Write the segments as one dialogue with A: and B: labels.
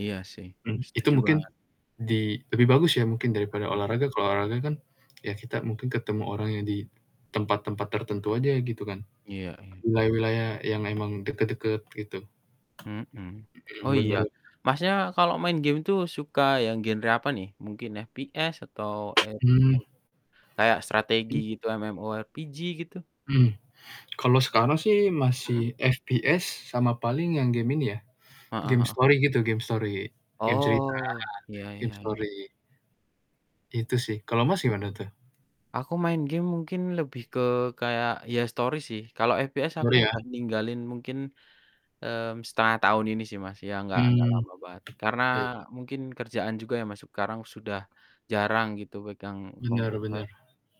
A: Iya sih,
B: Mhm, itu
A: setuju
B: mungkin
A: banget
B: di lebih bagus ya mungkin daripada
A: Mhm.
B: olahraga, kalau olahraga kan ya kita mungkin ketemu orang yang di tempat-tempat tertentu aja gitu kan.
A: Iya iya.
B: Wilayah-wilayah yang emang deket-deket, gitu.
A: Mhm.
B: Mhm,
A: Oh, iya,
B: bener.
A: Masnya kalo main game tuh suka yang genre apa nih? Mungkin FPS atau e
B: Hmm.
A: m kayak strategi
B: Mmm?
A: gitu, MMORPG, gitu?
B: Hmm. Kalau sekarang sih
A: Mhm.
B: masih FPS sama paling yang game ini ya,
A: Heeh
B: game
A: heeh.
B: story gitu, game story. Game cerita,
A: Oh, iya
B: game
A: iya iya.
B: story. Itu sih, kalau Mas,
A: Oke.
B: gimana tuh?
A: Aku main game mungkin lebih ke kayak, ya story sih. Kalau FPS aku
B: Story ya?
A: udah ninggalin mungkin, mmm, 1/2 tahun ini sih, Mas, ya, enggak enggak
B: Hmm.
A: lama banget. Karena
B: Oke.
A: mungkin kerjaan juga ya, Mas, sekarang sudah jarang, gitu, pegang
B: Bener
A: komputer.
B: bener.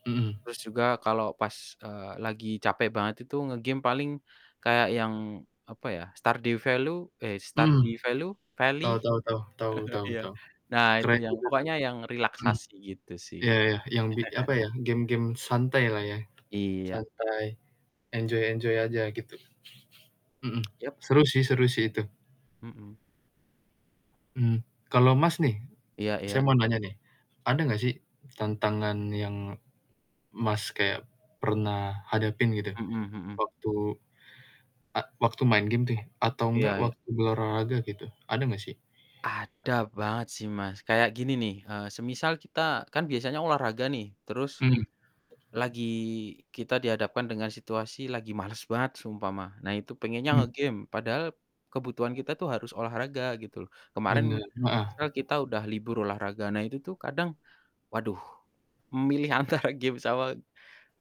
B: Mhm.
A: Terus juga kalau pas, eee, lagi capek banget itu nge-game paling kayak yang, apa ya, Stardew Value, eh,
B: Mhm.
A: Stardew Value Valley?
B: Tau tau tau tau tau
A: Iya.
B: tau.
A: Nah, itu
B: Keren
A: yang
B: juga tuh.
A: pokoknya yang
B: Mmm.
A: relaksasi, gitu sih.
B: Ya ya, yang bi apa ya, game-game santai lah ya.
A: Iya.
B: Santai, enjoy enjoy aja, gitu. Mhm,
A: Yap.
B: seru sih seru sih itu.
A: [unintelligible] Mmm.
B: Hmm. Kalau Mas nih,
A: Iya
B: saya
A: iya.
B: mau nanya nih, ada gak sih tantangan yang Mas kaya pernah hadapin gitu?
A: Mhm mhm.
B: Waktu ek waktu main game nih, atau
A: Iya
B: gak
A: iya.
B: waktu berolahraga gitu, ada ga sih?
A: Ada banget sih, Mas. Kayak gini nih, eee, semisal kita kan biasanya olahraga nih, terus
B: Hmm.
A: lagi kita dihadapkan dengan situasi lagi males banget seumpama, nah, itu pengennya
B: Hmm.
A: nge-game padahal kebutuhan kita tuh harus olahraga, gitu loh. Kemarin
B: Bener, nah, ah.
A: misal kita udah libur olahraga, nah, itu tuh kadang, waduh, memilih antara game sama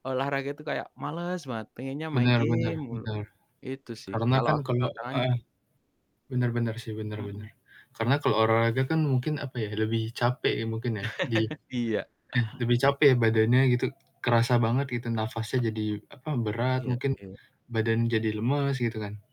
A: olahraga itu kayak males banget, pengennya main
B: Benar benar
A: game mulu.
B: benar.
A: Itu sih,
B: Karena
A: kalau
B: kan
A: aku
B: kalau
A: tantangannya i
B: heeh, benar benar sih, benar benar.
A: Mhm.
B: Karena kalau olahraga kan mungkin, apa ya, lebih capek ya mungkin ya, di
A: Iya.
B: eh, lebih capek ya, badannya gitu, kerasa banget gitu nafasnya jadi, apa, berat
A: Iya
B: mungkin,
A: iya.
B: badan jadi lemes, gitu kan.